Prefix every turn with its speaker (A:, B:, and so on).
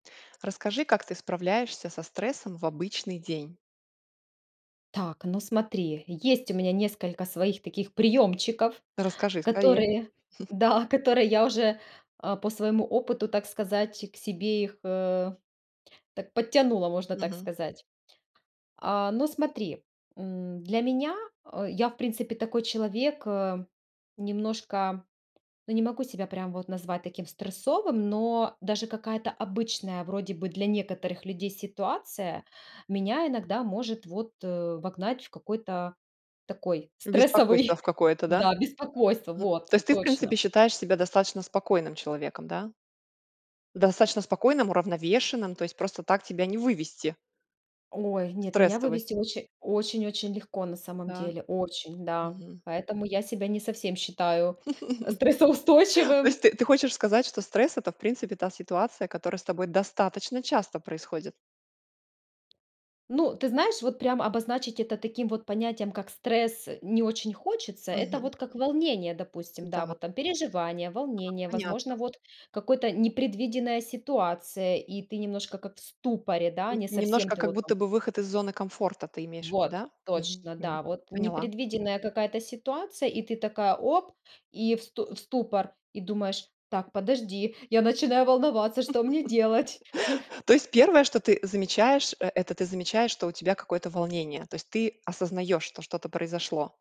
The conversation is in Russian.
A: Расскажи, как ты справляешься со стрессом в обычный день.
B: Так, ну, смотри, есть у меня несколько своих таких приёмчиков,
A: Расскажи скорее.
B: которые, да, которые я уже, а, по своему опыту, так сказать, к себе их, э, так подтянула, можно так
A: Мгм.
B: сказать. А, ну, смотри, м, для меня а, я, в принципе, такой человек, э, немножко, ну, не могу себя прям вот назвать таким стрессовым, но даже какая-то обычная вроде бы для некоторых людей ситуация меня иногда может вот, э, вогнать в какой-то такой стрессовый
A: Беспокойство в какое-то, да?
B: Да, беспокойство.
A: Мгм,
B: Вот,
A: то есть ты, в
B: точно.
A: принципе, считаешь себя достаточно спокойным человеком, да? Достаточно спокойным, уравновешенным, то есть просто так тебя не вывести.
B: Ой,
A: В
B: нет, меня
A: стрессовость.
B: вывести оче очень очень легко на самом
A: Да.
B: деле. Очень, да.
A: Мгм.
B: Поэтому я себя не совсем считаю, э,
A: То
B: стрессоустойчивым.
A: есть ты ты хочешь сказать, что стресс- это, в принципе, та ситуация, которая с тобой достаточно часто происходит?
B: Ну, ты знаешь, вот прям обозначить это таким вот понятием, как стресс, не очень хочется. Это
A: Мгм.
B: вот как волнение, допустим, да,
A: Да.
B: вот там. Переживание,
A: А,
B: волнение,
A: понятно.
B: возможно, вот какой-то непредвиденная ситуация, и ты немножко как в ступоре, да,
A: Н
B: не совсем
A: немножко,
B: ты
A: как
B: вот там
A: будто бы выход из зоны комфорта, ты имеешь в виду,
B: вот
A: да? Мгм,
B: точно,
A: м.
B: да, вот
A: Поняла.
B: непредвиденная какая-то ситуация, и ты такая, оп, и в сту в ступор, и думаешь: "Так, подожди, я начинаю волноваться, что мне делать?"
A: То есть 1-е, что ты замечаешь, э, это ты замечаешь, что у тебя какое-то волнение, то есть ты осознаёшь, что что-то произошло.